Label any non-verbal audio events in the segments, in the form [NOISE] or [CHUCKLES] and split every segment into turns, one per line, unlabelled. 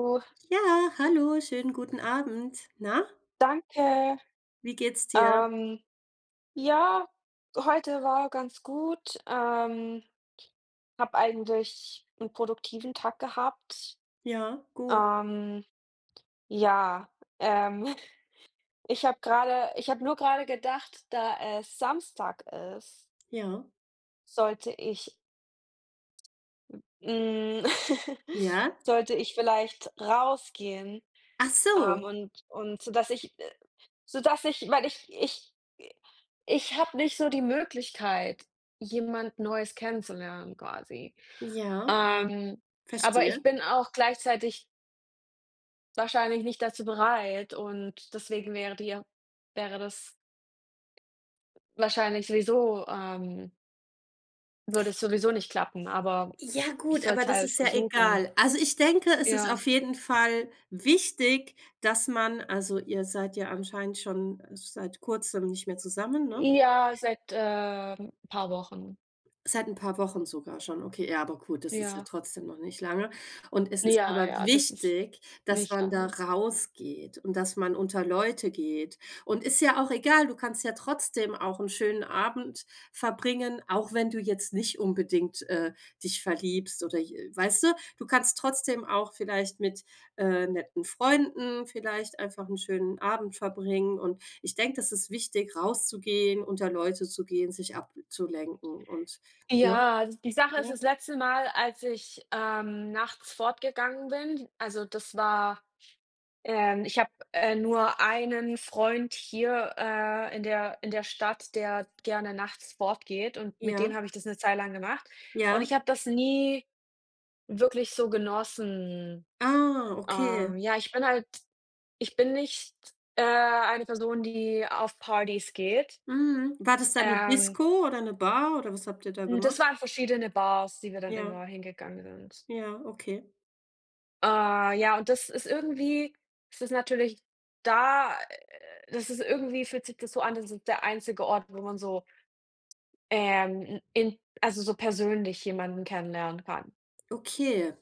Oh.
Ja, hallo. Schönen guten Abend. Na?
Danke,
Wie geht's dir?
ähm, ja, heute war ganz gut. Ähm, habe eigentlich 'n produktiven Tag gehabt.
Ja, gut.
Ähm, ja, ähm, [CHUCKLES] ich habe grade ich habe nur grade gedacht, da es Samstag ist
Ja.
sollte ich hm, [CHUCKLES]
Ja?
sollte ich vielleicht rausgehen,
Ach
ähm,
so.
und und dass ich, äh so dass ich weil ich ich i ich habe nicht so die Möglichkeit, jemand Neues kennenzulernen, quasi.
Ja,
Ähm, aber
verstehe.
ich bin auch gleichzeitig wahrscheinlich nicht dazu bereit und deswegen wäre dir wäre das wahrscheinlich sowieso, ähm würde es sowieso nicht klappen, aber
Ja
ich
gut, aber
sollte
das
halt
ist ja
versuchen.
egal. Also, ich denke, es ist
Ja.
auf jeden Fall wichtig, dass man also, ihr seid ja anscheinend schon seit Kurzem nicht mehr zusammen, ne?
Ja, seit, ähm, paar Wochen.
Seit 'n paar Wochen sogar schon, okay. Ja, aber gut, das ist ja
Ja.
trotzdem noch nicht lange. Und es ist
Ja,
aber
ja, das ist
wichtig, dass
nicht
man da
alle.
rausgeht und dass man unter Leute geht. Und ist ja auch egal, du kannst ja trotzdem auch 'n schönen Abend verbringen, auch wenn du jetzt nicht unbedingt, äh, dich verliebst oder j äh, weißte? Du kannst trotzdem auch vielleicht mit, äh, netten Freunden vielleicht einfach 'n schönen Abend verbringen. Und ich denke, das ist wichtig rauszugehen, unter Leute zu gehen, sich abzulenken und, ne?
Ja, die Sache ist
Ja.
das letzte Mal, als ich, ähm, nachts fortgegangen bin, also, das war ähm, ich habe, äh, nur einen Freund hier, äh, in der in der Stadt, der gerne nachts fortgeht und mit dem
Ja.
habe ich das 'ne Zeit lang gemacht und
Ja.
ich habe das nie wirklich so genossen.
Ah, okay.
Ähm, ja, ich bin halt ich bin nicht, äh, eine Person, die auf Partys geht.
Mhm. War das dann 'ne
Ähm
Disco oder 'ne Bar oder was habt ihr da
Hm, das
gemacht?
waren verschiedene Bars, die wir dann
Ja.
immer hingegangen sind.
Ja, okay.
Äh, ja, und das ist irgendwie es ist natürlich da äh, das ist irgendwie fühlt sich das so an, das ist der einzige Ort, wo man so, ähm, n in also, so persönlich jemanden kennenlernen kann.
Okay.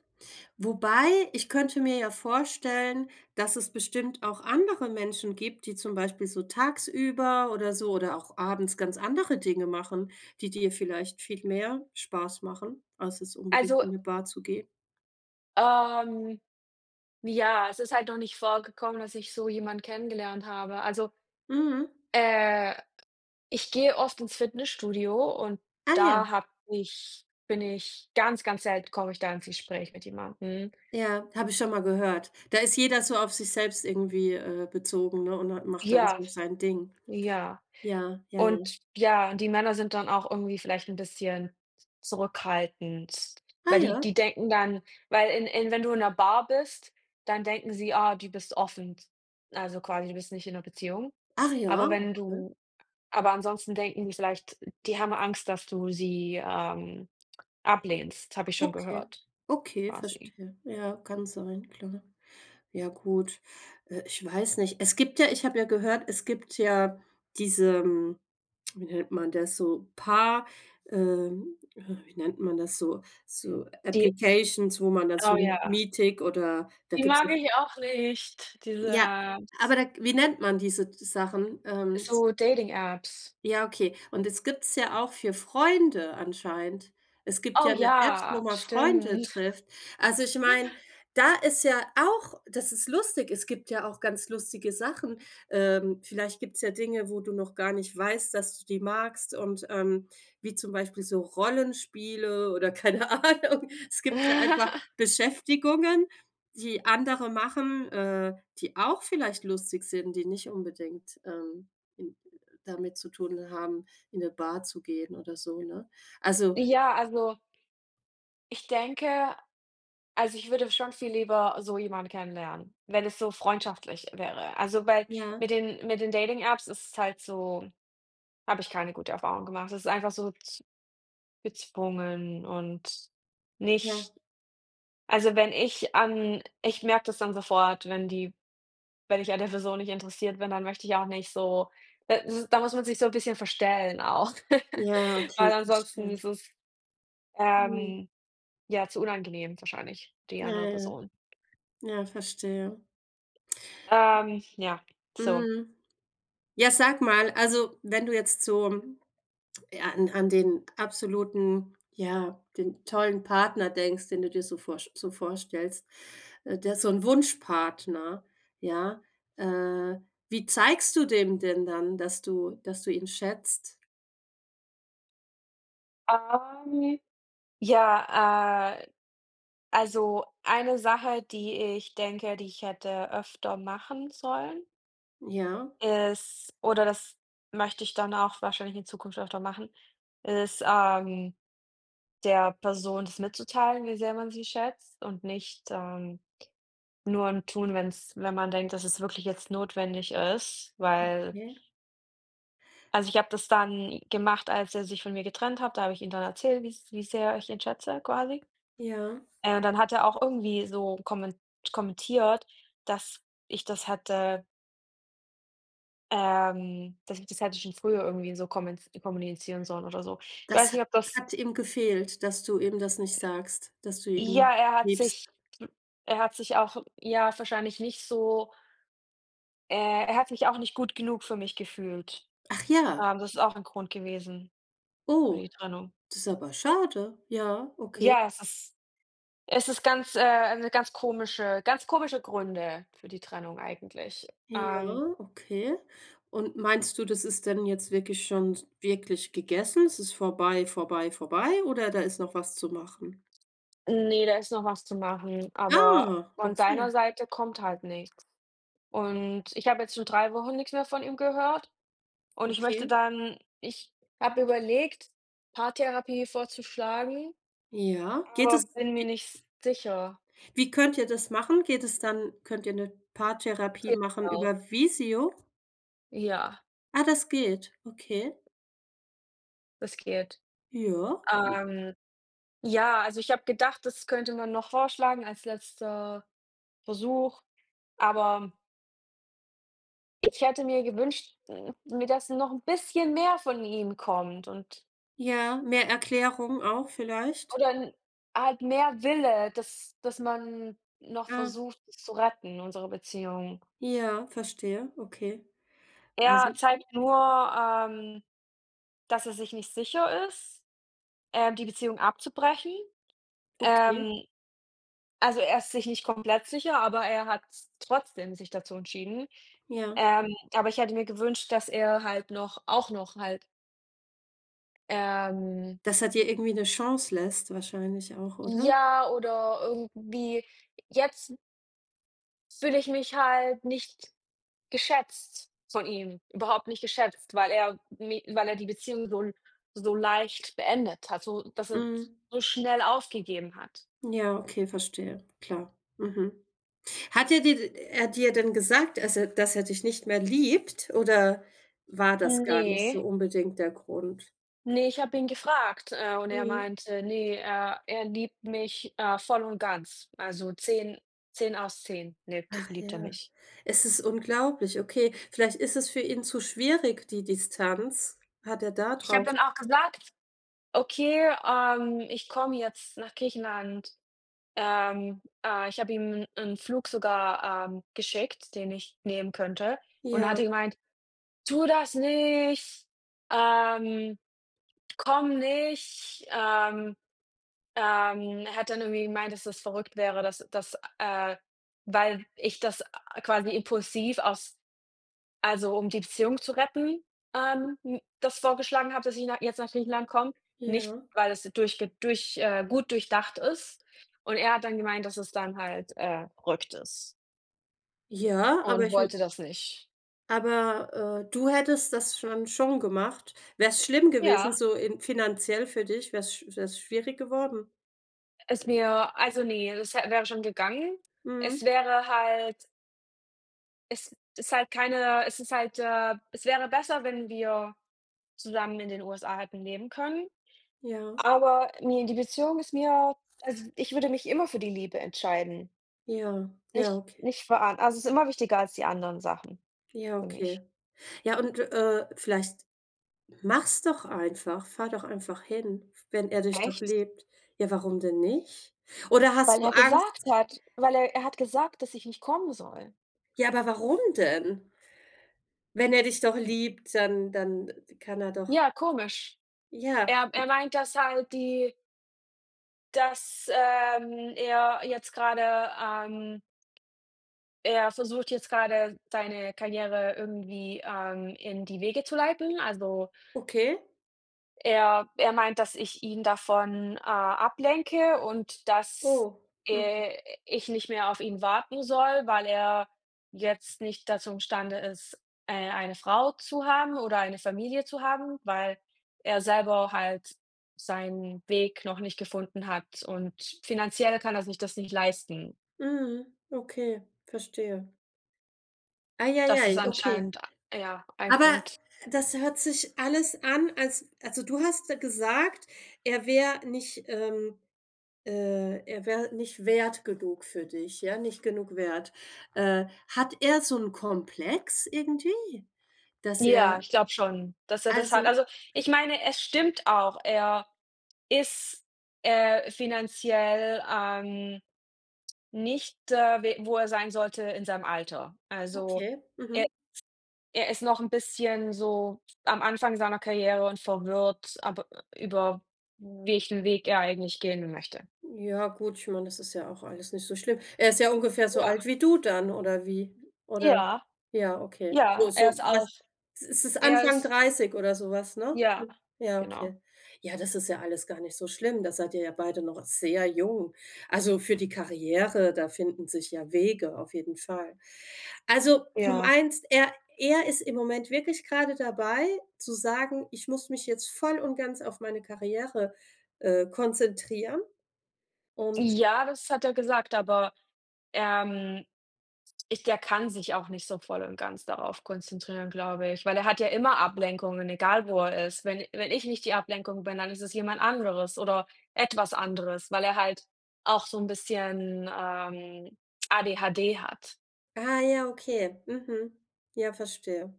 Wobei ich könnte mir ja vorstellen, dass es bestimmt auch andere Menschen gibt, die zum Beispiel so tagsüber oder so oder auch abends ganz andere Dinge machen, die dir vielleicht viel mehr Spaß machen, als jetzt unbedingt
Also
in 'ne Bar zu gehen.
ähm, ja, es ist halt noch nicht vorgekommen, dass ich so jemand kennengelernt habe. Also,
Mhm.
äh, ich gehe oft ins Fitnessstudio und
Ah, ja.
da habe ich bin ich ganz, ganz selten komme ich da ins Gespräch mit jemandem.
Ja, habe ich schon mal gehört. Da ist jeder so auf sich selbst irgendwie, äh, bezogen, ne? Und hat macht dann
Ja,
so sein Ding.
ja.
Ja, ja, ja.
Und ja, die Männer sind dann auch irgendwie vielleicht 'n bisschen z zurückhaltend,
Ah,
weil die
ja.
die denken dann weil in in wenn du in 'ner Bar bist, dann denken sie, ah, du bist offen t also, quasi, du bist nicht in 'ner Beziehung.
Ach ja,
Aber wenn
okay.
du aber ansonsten denken die vielleicht die haben Angst, dass du sie, ähm, ablehnst, habe ich schon
Okay,
gehört,
okay,
quasi.
verstehe. Ja, kann sein. Klar, ja gut. Äh, ich weiß nicht, es gibt ja ich habe ja gehört, es gibt ja diesen, wie nennt man das? So paar, ähm, äh, wie nennt man das so? So,
Die
applications wo man da
Oh,
so
ja.
Meetic oder da
Die
gibt's
mag
ja.
ich auch nicht, diese
Ja,
äh, z
aber da wie nennt man diese d Sachen? Ähm z
So Dating Apps.
Ja, okay. Und es gibt's ja auch für Freunde anscheinend. Es gibt ja
Oh,
'ne App, wo
ja,
man Freunde
stimmt.
trifft. Also, ich meine,
[CHUCKLES]
da ist ja auch das ist lustig. Es gibt ja auch ganz lustige Sachen. Ähm, vielleicht gibt's ja Dinge, wo du noch gar nicht weißt, dass du die magst und, ähm, wie zum Beispiel so Rollenspiele oder keine Ahnung. Es gibt ja einfach
[CHUCKLES]
Beschäftigungen, die andere machen, äh, die auch vielleicht lustig sind, die nicht unbedingt, ähm, in damit zu tun haben, in 'ne Bar zu gehen oder so, ne? Also
Ja, also. Ich denke also, ich würde schon viel lieber so jemanden kennenlernen, wenn es so freundschaftlich wäre. Also, weil mit
Ja.
den mit den Dating Apps ist es halt so habe ich keine gute Erfahrungen gemacht. Das ist einfach so z gezwungen und
Ja.
nicht also, wenn ich an ich merke das dann sofort, wenn die wenn ich an der Person nicht interessiert bin, dann möchte ich auch nicht so da s da muss man sich so 'n bisschen verstellen auch. [CHUCKLES]
Ja, okay,
Weil ansonsten
verstehe.
ist es,
Mhm.
ähm, ja, zu unangenehm wahrscheinlich, die
Ja,
andere
ja.
Person.
Ja, verstehe.
Ähm, ja, so.
Mhm. Ja, sag mal, also, wenn du jetzt so an an den absoluten, ja, den tollen Partner denkst, den du dir so vorsch so vorstellst, äh, der so 'n Wunschpartner ja, äh, wie zeigst du dem denn dann, dass du dass du ihn schätzt?
Ähm, ja, äh, also, eine Sache, die ich denke, die ich hätte öfter machen sollen
Ja.
ist oder das möchte ich dann auch wahrscheinlich in Zukunft öfter machen, ist, ähm, der Person das mitzuteilen, wie sehr man sie schätzt und nicht, ähm, nur im Tun, wenn's wenn man denkt, dass es wirklich jetzt notwendig ist, weil
Okay.
Also, ich habe das dann gemacht, als er sich von mir getrennt hat. Da habe ich ihm dann erzählt, wie's wie sehr ich ihn schätze quasi.
Ja.
Äh, und dann hat er auch irgendwie so kommen kommentiert, dass ich das hätte ähm, dass ich das hätte schon früher irgendwie so komment kommunizieren sollen oder so. Ich
Das
weiß
ha
nicht, ob das
hat ihm gefehlt, dass du ihm das nicht sagst, dass du ihn
Ja, er hat sich
liebst.
er hat sich auch ja wahrscheinlich nicht so äh, er hat sich auch nicht gut genug für mich gefühlt.
Ach ja.
Ähm, das ist auch ein Grund gewesen für
Oh,
die Trennung.
das ist aber schade, ja, okay.
Ja, es ist es ist ganz äh, 'ne ganz komische ganz komische Gründe für die Trennung eigentlich, ähm
Ja, okay. Und meinst du, das ist denn jetzt wirklich schon wirklich gegessen? Es ist vorbei, vorbei, vorbei oder da ist noch was zu machen?
Ne, da ist noch was zu machen, aber
Ah,
von
okay.
seiner Seite kommt halt nichts. Und ich habe jetzt schon 3 Wochen nix mehr von ihm gehört und ich möchte
Okay.
dann ich habe überlegt, Paartherapie vorzuschlagen,
Ja, geht das,
aber bin mir
wie
nicht s sicher.
Wie könnt ihr das machen? Geht es dann könnt ihr 'ne
Das
Paartherapie
geht
machen
auch.
über Visio?
Ja.
Ah, das geht, okay.
Riskiert.
Ja.
Ähm, ja, also, ich habe gedacht, das könnte man noch vorschlagen als letzter Versuch, aber ich hätte mir gewünscht, mir dass noch 'n bisschen mehr von ihm kommt und
Ja, mehr Erklärung auch vielleicht.
Oder 'n halt mehr Wille, dass dass man noch
Ah.
versucht zu retten unsere Beziehung.
Ja, verstehe, okay.
Er
Also.
zeigt nur, ähm, dass er sich nicht sicher ist, äh, die Beziehung abzubrechen.
Okay.
Ähm, also, er ist sich nicht komplett sicher, aber er hat s trotzdem sich dazu entschieden.
Ja.
Ähm, aber ich hätte mir gewünscht, dass er halt noch auch noch halt ähm.
Dass er dir irgendwie 'ne Chance lässt wahrscheinlich auch, oder?
Ja oder irgendwie jetzt fühle ich mich halt nicht geschätzt von ihm, überhaupt nicht geschätzt, weil er mi weil er die Beziehung so so leicht beendet hat, so dass er
Mhm.
so schnell aufgegeben hat.
Ja, okay, verstehe, klar. Mhm. Hat er dir d er hat dir dann gesagt, dass er dass er dich nicht mehr liebt oder war das
Hm,
gar nicht
ne.
so unbedingt der Grund?
Ne, ich habe ihn gefragt, äh, und er
Mhm.
meinte, ne, er er „liebt mich, äh, voll und ganz, also, 10, 10 aus 10 lebt
Ach
liebt er
ja,
mich“.
es ist unglaublich, okay. Vielleicht ist es für ihn zu schwierig die Distanz, hat er da
Ich habe
drauf
dann auch gesagt: „Okay, ähm, ich komme jetzt nach Griechenland.“ Ähm, äh, ich habe ihm 'n Flug sogar, ähm, geschickt, den ich nehmen könnte und
Ja.
hat er gemeint: „Tu das nicht, ähm, komm nicht.“ Ähm, ähm, er hat dann irgendwie gemeint, dass das verrückt wäre, dass dass äh, weil ich das a quasi impulsiv aus also, um die Beziehung zu retten, ähm, n das vorgeschlagen habe, dass ich nach jetzt nach Griechenland komme, nicht,
Ja.
weil es durchge durch, äh, gut durchdacht ist. Und er hat dann gemeint, dass es dann halt, äh, „verrückt ist“.
Ja, aber
Und
ich m
wollte das nicht.
Aber, äh, du hättest das dann schon gemacht? Wär's schlimm gewesen
Ja.
so in finanziell für dich? Wäre es wäre es schwierig geworden?
Ist mir also, ne, es w wäre schon gegangen. Es
Mhm.
wäre halt es ist halt keine es ist halt äh, es wäre besser, wenn wir zusammen in den USA hätten Leben können,
Ja.
aber ne die Beziehung ist mir also, ich würde mich immer für die Liebe entscheiden.
Ja, ja,
Nicht
okay.
nicht vor a also, es ist immer wichtiger als die anderen Sachen
Ja,
für mich.
okay. Ja und, äh, vielleicht mach's doch einfach, fahre doch einfach hin, wenn er dich doch
Echt?
liebt. Ja, warum denn nicht? Oder hast
Weil
du
er gesagt
Angst?
hat weil er er hat gesagt, dass ich nicht kommen soll.
Ja, aber warum denn? Wenn er dich doch
Hm.
liebt, dann dann kann er doch
Ja, komisch.
Ja,
Er er
m
meint, dass halt die dass, ähm, er jetzt gerade, ähm er versucht jetzt gerade, seine Karriere irgendwie, ähm, in die Wege zu leiten. Also
Okay.
er er meint, dass ich ihn davon, äh, ablenke und dass,
Oh, mhm.
äh, ich nicht mehr auf ihn warten soll, weil er jetzt nicht dazu im Stande ist, äh, eine Frau zu haben oder eine Familie zu haben, weil er selber halt seinen Weg noch nicht gefunden hat und finanziell kann er sich das nicht leisten.
Mhm, okay, verstehe. Ei, ei,
Das ist
ei, okay.
anscheinend, a ja, ein
Aber
Grund.
das hört sich alles an, als also du hast gesagt, er wär nicht, ähm äh, er wär nicht wert genug für dich ja, nicht genug wert. Äh, hat er so 'n Komplex irgendwie, dass er
Ja, ich glaube schon, dass er das hat.
Also
Also, ich meine, es stimmt auch. Er ist, äh, finanziell, ähm, nicht, äh, we wo er sein sollte in seinem Alter. Also,
Okay,
er
mhm.
er ist noch 'n bisschen so am Anfang seiner Karriere und verwirrt, aber ü ü über welchen Weg er eigentlich gehen möchte.
Ja gut, ich meine, das ist ja auch alles nicht so schlimm. Er ist ja ungefähr so alt
Ja.
wie du dann, oder wie, oder?
Ja.
Ja, okay.
Ja,
So
er
so
ist
was
auch
ist es
er
Anfang
ist
30 oder sowas, ne?
Ja,
Ja,
genau.
okay. Ja, das ist ja alles gar nicht so schlimm. Da seid ihr ja beide noch sehr jung. Also für die Karriere, da finden sich ja Wege auf jeden Fall. Also, du
Ja.
meinst, er er ist im Moment wirklich gerade dabei zu sagen: „Ich muss mich jetzt voll und ganz auf meine Karriere, äh, konzentrieren.“ und
Ja, das hat er gesagt, aber, ähm, ich der kann sich auch nicht so voll und ganz darauf konzentrieren, glaube ich, weil er hat ja immer Ablenkungen, egal wo er ist. Wenn wenn ich nicht die Ablenkung bin, dann ist es jemand anderes oder etwas anderes, weil er halt auch so 'n bisschen, ähm, ADHD hat.
Ah, ja, okay, mhm. Ja, verstehe.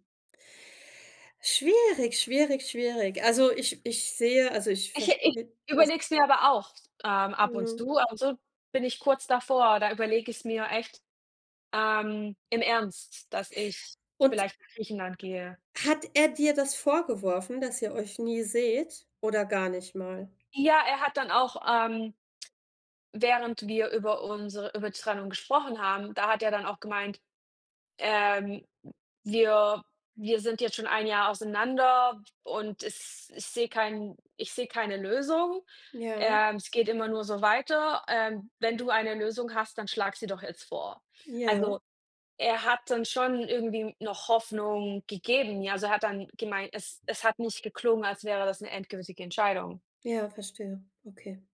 Schwierig, schwierig, schwierig. Also ich ich sehe also, ich
Ich ich
verstehe das.
überlege es mir aber auch s ähm, ab und
Ja.
zu ab und zu bin ich kurz davor, da überlege ich's mir echt, ähm, im Ernst, dass ich
Und
vielleicht nach Griechenland gehe.
hat er dir das vorgeworfen, dass ihr euch nie seht, oder gar nicht mal?
Ja, er hat dann auch, ähm, während wir über unsere über Trennung gesprochen haben, da hat er dann auch gemeint: „Ähm, wir wir sind jetzt schon 1 Jahr auseinander und es ich sehe keinen ich sehe keine Lösung.
Ja.
Ähm, es geht immer nur so weiter. Ähm, wenn du eine Lösung hast, dann schlag sie doch jetzt vor.“
Ja.
Also, er hat dann schon irgendwie noch Hoffnung gegeben, ja, also er hat dann gemeint, es es hat nicht geklungen, als wäre das 'ne endgültige Entscheidung.
Ja, verstehe, okay.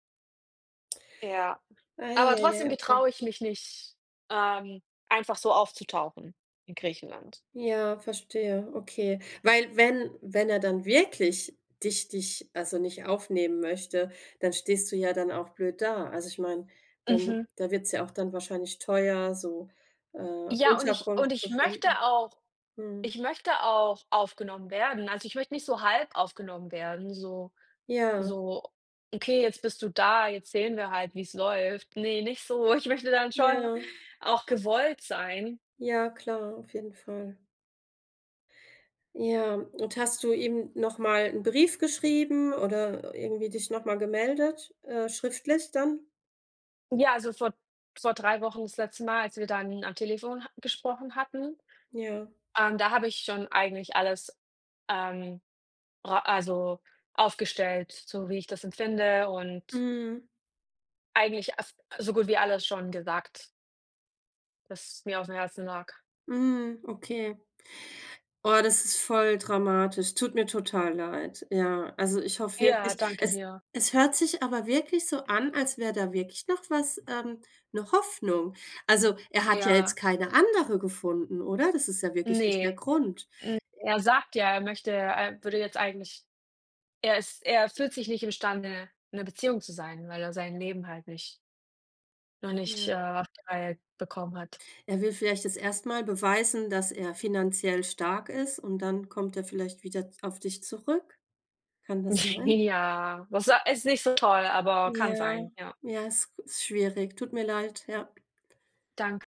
Ja.
Ei,
Aber
ei,
trotzdem
ei, okay.
getraue ich mich nicht, ähm, einfach so aufzutauchen in Griechenland.
Ja, verstehe, okay, weil, wenn wenn er dann wirklich dich dich, also nicht aufnehmen möchte, dann stehst du ja dann auch blöd da. Also, ich meine, dann m
Mhm.
da wird's ja auch dann wahrscheinlich teuer, so, äh,
Ja und ich
Unterkunft
und
zu
ich möchte
finden.
auch
Mhm.
ich möchte auch aufgenommen werden. Also ich möchte nicht so halb aufgenommen werden, so
Ja.
so: „Okay, jetzt bist du da, jetzt sehen wir halt, wie's läuft.“ Ne, nicht so. Ich möchte dann schon
Ja.
auch gewollt sein.
Ja, klar, auf jeden Fall. Ja, und hast du ihm noch mal 'n Brief geschrieben oder irgendwie dich noch mal gemeldet, äh, schriftlich dann?
Ja, also vor vor 3 Wochen das letzte Mal, als wir dann am Telefon ha gesprochen hatten,
Ja.
ähm, da habe ich schon eigentlich alles, ähm, ra also, aufgestellt, so wie ich das empfinde und
Mhm.
eigentlich as so gut wie alles schon gesagt das mir aufm Herzen lag.
Mhm, okay. Oh, das ist voll dramatisch, tut mir total leid. Ja, also ich hoffe
Ja,
wirklich,
danke
es
dir.
es hört sich aber wirklich so an, als wäre da wirklich noch was ähm, 'ne Hoffnung. Also, er hat ja jetzt
Ja.
keine Andere gefunden, oder? Das ist ja wirklich nicht der
Ne.
Grund. Äh
Hm, er sagt ja, er möchte er würde jetzt eigentlich er ist er fühlt sich nicht imstande, in 'ner Beziehung zu sein, weil er sein Leben halt nicht noch nicht, äh,
Ja.
auf die Reihe bekommen hat.
Er will vielleicht jetzt erst mal beweisen, dass er finanziell stark ist, und dann kommt er vielleicht wieder d auf dich zurück. Kann das sein?
Ja, was so ist nicht so toll, aber kann
Ja,
sein, ja.
ja, ist g ist schwierig. Tut mir leid, ja.
Dank